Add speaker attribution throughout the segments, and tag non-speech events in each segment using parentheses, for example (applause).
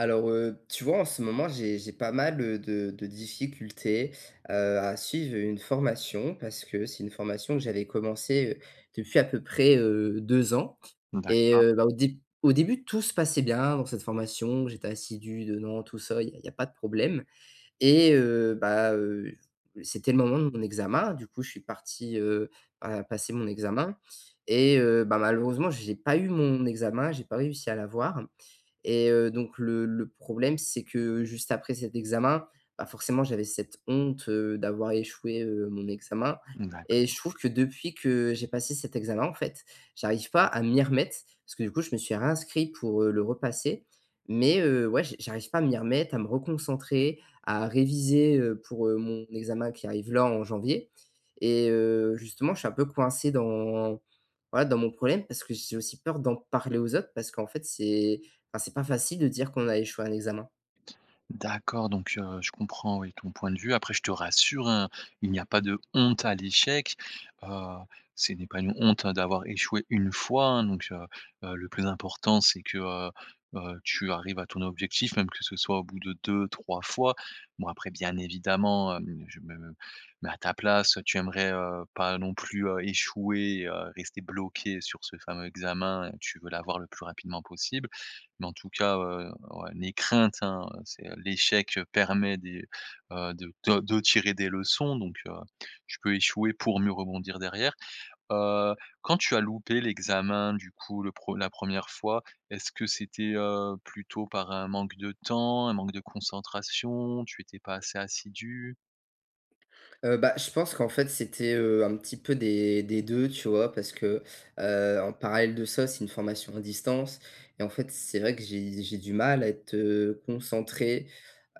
Speaker 1: Alors, heu, tu vois en ce moment j'ai j'ai pas mal, heu, de de difficultés, heu, à suivre une formation, parce que c'est une formation que j'avais commencée, heu, depuis à peu près, heu, 2 ans et
Speaker 2: D'accord.
Speaker 1: heu, bah, au déb au début tout se passait bien dans cette formation, j'étais assidu dedans tout ça, il y a il y a pas de problème et heu, ben, heu, c'était le moment de mon examen, du coup, je suis parti, heu, à, passer mon examen et heu, ben malheureusement j'ai pas eu mon examen, j'ai pas réussi à l'avoir et heu, donc le le problème c'est que juste après cet examen, bah forcément j'avais cette honte, heu, d'avoir échoué, heu, mon examen et je
Speaker 2: D'accord.
Speaker 1: trouve que depuis que j'ai passé cet examen, en fait, j'arrive pas, à m'y remettre, parce que du coup je me suis réinscrit pour, heu, le repasser, mais heu, ouais j j'arrive pas à m'y remettre à me reconcentrer, à réviser, heu, pour, heu, mon examen qui arrive là, en janvier et heu, justement je suis un peu coincé dans voilà, dans mon problème, parce que j'ai aussi peur d'en parler aux autres parce qu'en fait c'est ben c'est pas facile de dire qu'on a échoué à un examen.
Speaker 2: D'accord! Donc, heu, je comprends, oui, ton point de vue. Après, je te rassure, hein, il n'y a pas de honte à l'échec. Heu, c'est n'est pas une honte hein, d'avoir échoué 1 fois, hein, donc heu, heu, le plus important c'est que heu, heu, tu arrives à ton objectif même que ce soit au bout de 2- 3 fois. Bon après, bien évidemment, hem, je me me mets à ta place, tu aimerais, heu, pas non plus, heu, échouer, heu, rester bloqué sur ce fameux examen, et tu veux l'avoir le plus rapidement possible. Mais en tout cas, heu, ouais, n'aie crainte, hein, c'est, heu, l'échec, heu, permet des heu, de de de tirer des leçons donc, heu, tu peux échouer pour mieux rebondir derrière. Heu, quand tu as loupé l'examen, du coup le pre la 1re fois, est-ce que c'était, heu, plutôt par un manque de temps, un manque de concentration, tu étais pas assez assidu?
Speaker 1: Heu, bah, je pense qu'en fait, c'était, heu, un petit peu des des deux, tu vois, parce que, heu, en parallèle de ça, c'est une formation à distance. Et en fait, c'est vrai que j'ai j'ai du mal à être, heu, concentré,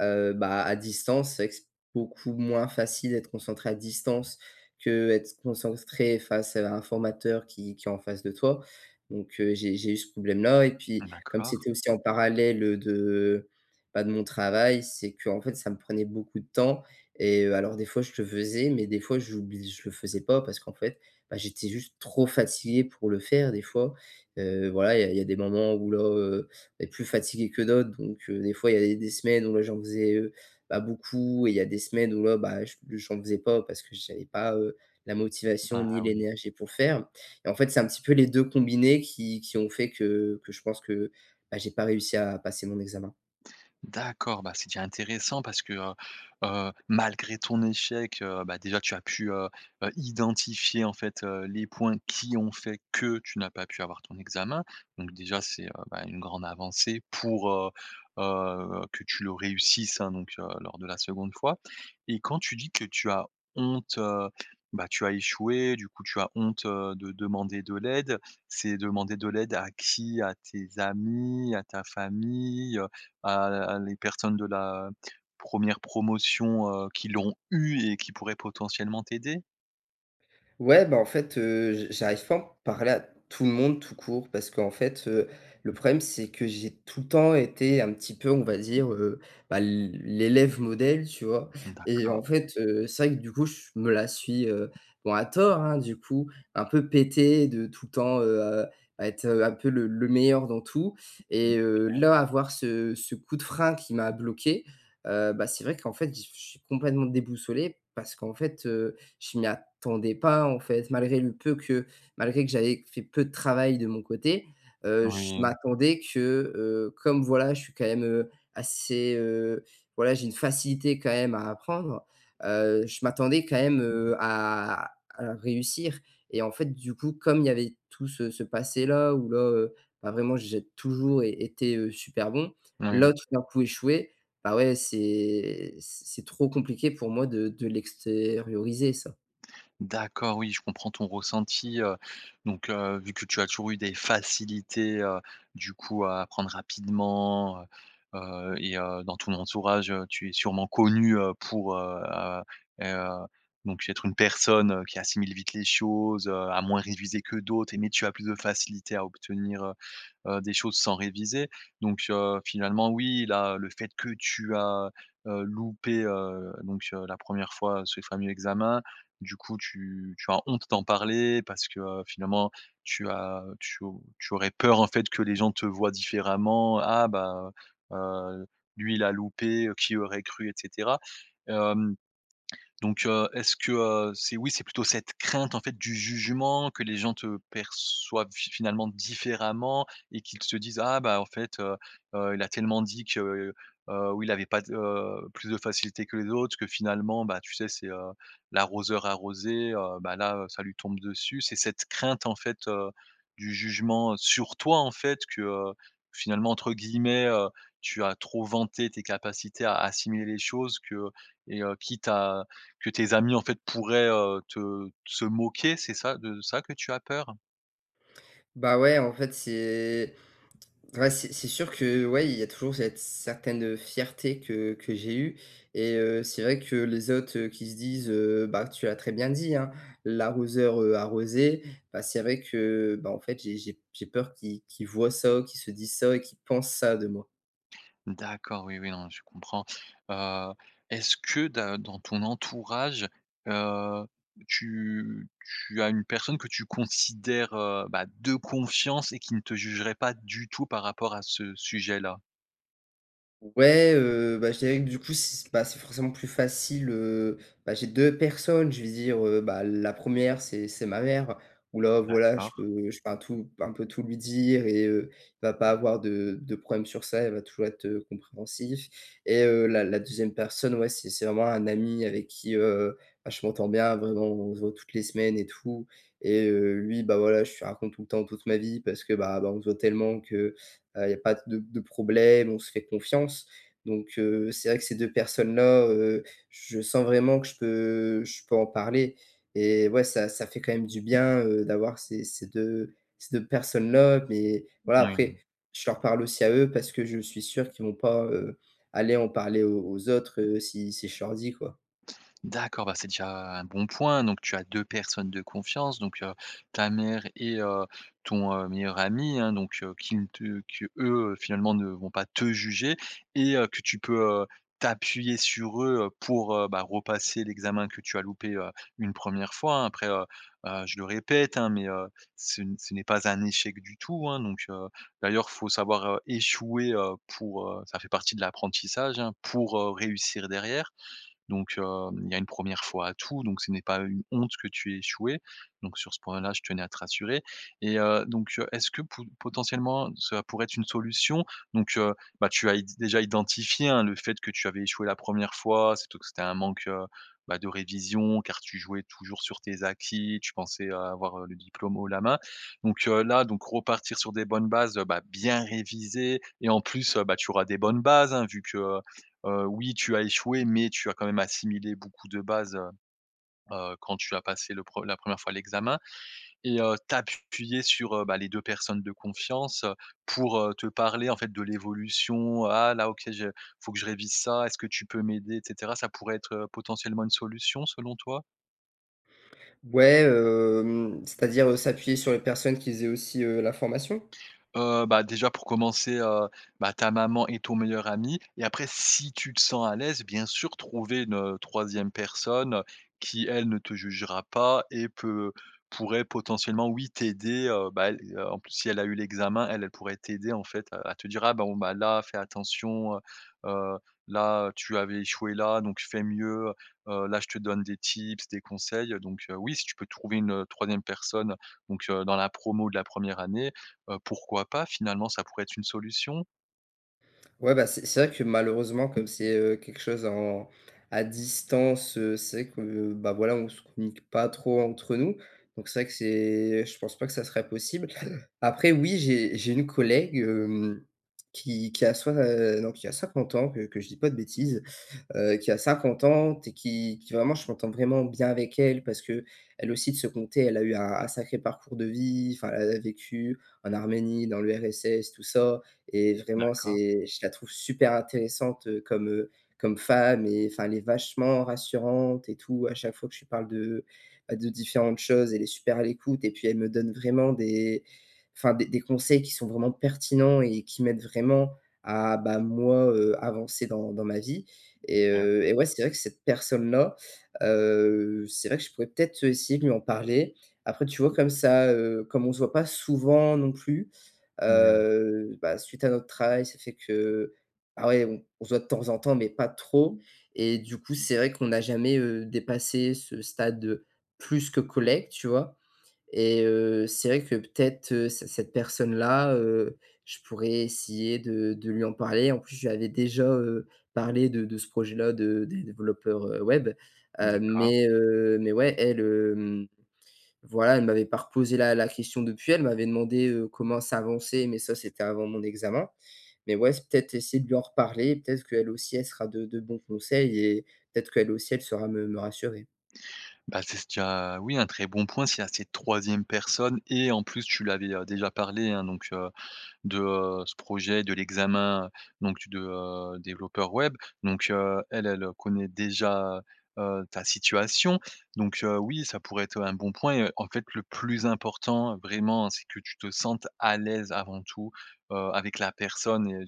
Speaker 1: heu, bah, à distance, c'est vrai que c'est beaucoup moins facile d'être concentré à distance qu'être concentré face à un formateur qui qui est en face de toi. Donc, heu, j'ai j'ai eu ce problème-là, et puis, comme
Speaker 2: D'accord.
Speaker 1: c'était aussi en parallèle de, bah, de mon travail, c'est qu'en fait, ça me prenait beaucoup de temps et heu, alors des fois je le faisais, mais des fois j'oubli je le faisais pas parce qu'en fait, bah, j'étais juste trop fatigué pour le faire, des fois. Heu, voilà, il y a il y a des moments où là, heu, est plus fatigué que d'autres, donc, heu, des fois, il y avait des semaines où là, j'en faisais, heu, bah, beaucoup, et il y a des semaines où là bah, heu, ch j'en faisais pas parce que j'avais pas, heu, la motivation
Speaker 2: Ah!
Speaker 1: ni
Speaker 2: Oui.
Speaker 1: l'énergie pour faire. Et en fait, c'est un petit peu les 2 combinés qui qui ont fait que que je pense que, bah j'ai pas réussi à passer mon examen.
Speaker 2: D'accord, bah c'est déjà intéressant parce que, heu, heu, malgré ton échec, heu, bah, déjà tu as pu, heu, heu, identifier en fait, heu, les points qui ont fait que tu n'as pas pu avoir ton examen, donc déjà c'est, heu, bah une grande avancée pour, heu, heu, que tu le réussisses, hein, donc heu, lors de la 2de fois et quand tu dis que tu as honte, heu, bah tu as échoué, du coup, tu as honte, heu, de demander de l'aide, c'est demander de l'aide à qui? À tes amis, à ta famille, heu, à à les personnes de la 1re promotion, heu, qui l'ont eu et qui pourraient potentiellement t'aider?
Speaker 1: Ouais, bah en fait, heu, j j'arrive pas à en parler à tout le monde, tout court, parce qu'en fait, heu, le problème, c'est que j'ai tout le temps été un petit peu, on va dire, heu, bah l l'élève modèle, tu vois?
Speaker 2: Mmh.
Speaker 1: Et
Speaker 2: D'accord.
Speaker 1: en fait, heu, c'est vrai que du coup, je me la suis, heu bon à tort, hein, du coup, un peu pété de tout le temps, heu, à être, heu, un peu le le meilleur dans tout
Speaker 2: Mmh,
Speaker 1: et heu,
Speaker 2: OK.
Speaker 1: là, avoir ce ce coup de frein qui m'a bloqué. Heu, bah, c'est vrai qu'en fait, j je suis complètement déboussolé parce qu'en fait, heu, je m'y attendais pas, en fait, malgré le peu que malgré que j'avais fait peu de travail de mon côté, heu, je
Speaker 2: Oui, mmh.
Speaker 1: m'attendais que, heu, comme voilà, je suis quand même, heu, assez, heu, voilà, j'ai une facilité quand même à apprendre, heu, je m'attendais quand même, heu, à à réussir et en fait, du coup, comme il y avait tout ce ce passé-là, où là, heu, bah vraiment, j'ai toujours été, heu, super bon,
Speaker 2: Moui, oui.
Speaker 1: là tout d'un coup échouer, bah ouais, c'est c c'est trop compliqué pour moi de de l'extérioriser ça.
Speaker 2: D'accord, oui je comprends ton ressenti, heu, donc heu, vu que tu as toujours eu des facilités, heu, du coup à apprendre rapidement, heu, heu, et heu, dans ton entourage, heu, tu es sûrement connu, heu, pour, heu, heu, heu, donc être une personne, heu, qui assimile vite les choses, heu, à moins réviser que d'autres et mais tu as plus de facilité à obtenir, heu, heu, des choses sans réviser, donc heu, finalement oui là, le fait que tu as, heu, loupé, heu, donc heu, la 1re fois, ce fameux examen. Du coup tu tu as honte d'en parler parce que finalement, tu as tu au tu aurais peur en fait, que les gens te voient différemment. «Ah ben, heu, heu, lui il a loupé, heu, qui aurait cru» et cetera. Hem, donc heu, est-ce que, heu, c'est oui, c'est plutôt cette crainte en fait du jugement que les gens te perçoivent fi finalement différemment et qu'ils se disent: «Ah bah, en fait, heu, heu, il a tellement dit que, heu, ou il avait pas de, heu, plus de facilité que les autres. Que finalement, bah tu sais c'est, heu, l'arroseur arrosé, heu, ben là, heu, ça lui tombe dessus», c'est cette crainte en fait, heu, du jugement, heu, sur toi en fait que finalement, entre guillemets, heu, tu as trop «vanté» tes capacités à assimiler les choses que et heu, quitte à que tes amis en fait pourraient, heu, te se moquer, c'est ça de ça que tu as peur?
Speaker 1: Bah ouais, en fait, c'est (tsk) ouais, c'est c'est sûr que, ouais, il y a toujours cette certaine, heu, fierté, que que j'ai eue et heu, c'est vrai que, les autres, heu, qui se disent, heu, bah tu l'as très bien dit, hein, l'arroseur, heu, arrosé. Bah c'est vrai que, bah, en fait, j'ai j'ai p j'ai peur qu'ils qu'ils voient ça, qu'ils se disent ça et qu'ils pensent ça de moi.
Speaker 2: D'accord, oui, oui, non mais je comprends. Heu, est-ce que de dans ton entourage, heu, tu tu as une personne que tu considères, heu, bah de confiance et qui ne te jugerait pas, du tout, par rapport à ce sujet-là?
Speaker 1: Ouais, heu, bah je dirais que du coup, si s bah c'est forcément plus facile, heu, bah, j'ai 2 personnes, je veux dire, heu, bah la 1re, c'est c'est ma mère, où là voilà, je
Speaker 2: D'accord.
Speaker 1: peux je peux un tout un peu tout lui dire et heu, va pas avoir de de problème sur ça, elle va toujours être compréhensive et heu, la la 2e personne, ouais, c'est c'est vraiment un ami avec qui, heu, bah je m'entends bien, vraiment, on se voit toutes les semaines et tout et heu, lui, bah voilà, je lui raconte tout le temps toute ma vie parce que, bah, bah, on se voit tellement que, heu, il y a pas de de problème, on se fait confiance, donc heu, c'est vrai que ces 2 personnes-là, heu, je sens vraiment que je peux je peux en parler et ouais, ça ça fait quand même du bien, heu, d'avoir ces ces 2, ces 2 personnes-là, mais, voilà,
Speaker 2: Moui.
Speaker 1: après, je leur parle aussi à eux parce que je suis sûr qu'ils vont pas, heu, aller en parler aux aux autres, heu, si si je leur dit quoi.
Speaker 2: D'accord, bah, c'est déjà un bon point, donc, tu as deux personnes de confiance donc heu, ta mère et heu, ton, heu, meilleur ami hein, donc heu, qui ne te qu'eux, heu, finalement ne vont pas te juger et heu, que tu peux, heu, t'appuyer sur eux, heu, pour, heu, bah, repasser l'examen que tu as loupé, heu, une 1re fois hein. Après, heu heu, je le répète hein, mais heu, ce n ce n'est pas un échec du tout hein, donc heu, d'ailleurs faut savoir, heu, échouer, heu, pour, heu ça fait partie de l'apprentissage hein, pour, heu, réussir derrière, donc hem, il y a une 1re fois à tout, donc ce n'est pas une honte que tu aies échoué, donc sur ce point là je tenais à te rassurer, et heu, donc heu, est-ce que pou potentiellement ça pourrait être une solution, donc heu, bah tu as id déjà identifié hein, le fait que tu avais échoué la 1re fois, surtout que c'était un manque, heu, bah, de révision, car tu jouais toujours sur tes acquis, tu pensais, heu, avoir, heu, le diplôme haut la main, donc heu, là donc, repartir sur des bonnes bases, heu, bah, bien réviser et en plus, heu, bah, tu auras des bonnes bases hein, vu que, heu, heu, oui tu as échoué, mais tu as quand même assimilé beaucoup de base, heu, heu, quand tu as passé le pre la 1re fois l'examen, et heu, t'appuyer sur, heu, bah, les 2 personnes de confiance, heu, pour, heu, te parler en fait de l'évolution: «Ah là, OK, je faut que je révise ça, est-ce que tu peux m'aider?» et cetera. Ça pourrait être, heu, potentiellement une solution selon toi?
Speaker 1: Ouais, hem, c'est-à-dire, heu, s'appuyer sur les personnes qui faisaient aussi, heu, la formation?
Speaker 2: Heu, bah, déjà, pour commencer, heu, bah, ta maman et ton meilleur ami et après si tu te sens à l'aise, bien sûr, trouver une, heu, 3e personne, heu, qui elle ne te jugera pas et peut pourrait potentiellement, oui, t'aider, heu, bah, elle, heu, en plus, si elle a eu l'examen elle elle pourrait t'aider, en fait, heu, à te dire: «Ah bon, bah, là, fais attention, heu heu, là, tu avais échoué, là, donc fait mieux, heu heu, là, je te donne des tips, des conseils», donc heu, oui, si tu peux trouver une, heu, 3e personne, donc heu, dans la promo de la 1re année, heu, pourquoi pas, finalement, ça pourrait être une solution?
Speaker 1: Ouais, bah, c'est c'est vrai que, malheureusement, comme c'est, heu, quelque chose en à distance, heu, c'est vrai que, bah, voilà, on se communique pas trop entre nous, donc c'est vrai que c'est je pense pas que ça serait possible. Après, oui, j'ai j'ai une collègue, hem, qui qui a soi heu, non, qui a 50 ans, que que je dis pas de bêtise, heu, qui a 50 ans et qui qui vraiment, je m'entends vraiment bien avec elle parce qu'elle aussi de son coté, elle a eu un un sacré parcours de vie, enfin, elle a vécu en Arménie, dans l'URSS, tout ça et vraiment
Speaker 2: D'accord.
Speaker 1: c'est je la trouve super intéressante, heu, comme, heu, comme femme et enfin, elle est vachement rassurante et tout. À chaque fois que je lui parle de, bah, de différentes choses, elle est super à l'écoute et puis elle me donne vraiment des enfin, des des conseils qui sont vraiment pertinents et qui m'aident vraiment à bah, moi, heu, avancer dans dans ma vie et
Speaker 2: (unintelligible)
Speaker 1: heu, eh ouais, c'est vrai que cette personne-là, heu, c'est vrai que je pourrais peut-être, heu, essayer de lui en parler. Après, tu vois, comme ça, heu, comme on se voit pas souvent non plus,
Speaker 2: Oui.
Speaker 1: heu, bah, suite à notre travail, ça fait que ah ouais, on on se voit de temps en temps mais pas trop et du coup, c'est vrai qu'on n'a jamais, heu, dépassé ce stade, heu, plus que collègue, tu vois? Et heu, c'est vrai que, peut-être, heu, c cette personne-là, heu, je pourrais essayer de de lui en parler, en plus, je lui avais déjà, heu, parlé de de ce projet-là, de des développeurs, heu, web, heu,
Speaker 2: D'accord.
Speaker 1: mais heu, mais ouais, elle, hem, voilà, elle m'avait pas reposé la la question depuis, elle m'avait demandé, heu, comment ça avançait, mais ça, c'était avant mon examen mais ouais, peut-être essayer de lui en reparler, peut-être qu'elle aussi, elle sera de de bons conseils et peut-être qu'elle aussi elle saura me me rassurer.
Speaker 2: Bah, c'est ce tu as, oui, un très bon point, s'il y a cette 3e personne et en plus, tu lui avais, heu, déjà parlé, hein, donc heu, de ce projet, de l'examen, donc tu de, heu, développeur web, donc heu, elle elle connaît déjà, heu, ta situation, donc heu, oui, ça pourrait être, heu, un bon point et en fait, le plus important, vraiment, c'est que tu te sentes à l'aise avant tout, heu, avec la personne et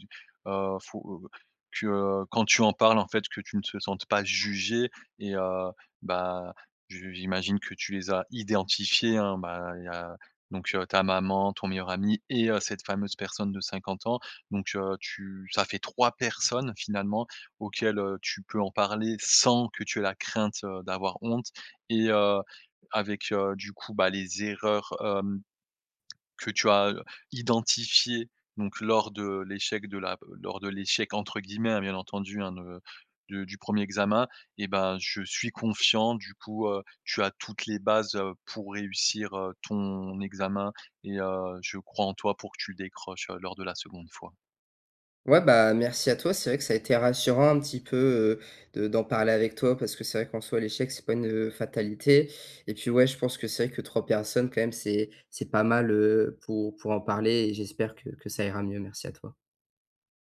Speaker 2: heu, faut que, heu, quand tu en parles, en fait, que tu ne te sentes pas juger et heu, bah, je j'imagine que tu les as identifiés, hein, bah, il y a donc, heu, ta maman, ton meilleur ami et heu, cette fameuse personne de 50 ans, donc heu, tu ça fait 3 personnes, finalement, auxquelles, heu, tu peux en parler sans que tu aies la crainte, heu, d'avoir honte et heu, avec, heu, du coup, bah, les erreurs, hem, que tu as, heu, identifiées donc lors de l'échec de la lors de «l'échec» entre guillemets, hein, bien entendu, hein, de du du 1er examen et bah, je suis confiant, du coup, heu, tu as toutes les bases, heu, pour réussir, heu, ton examen et heu, je crois en toi pour que tu le décroches, heu, lors de la 2de fois.
Speaker 1: Ouais, bah, merci à toi, c'est vrai que ça a été rassurant un petit peu, heu, de d'en parler avec toi parce que c'est vrai qu'en soit l'échec, c'est pas une, heu, fatalité et puis, ouais, je pense que c'est vrai que 3 personnes quand même, c'est c'est pas mal, heu, pour pour en parler et j'espère que que ça ira mieux. Merci à toi.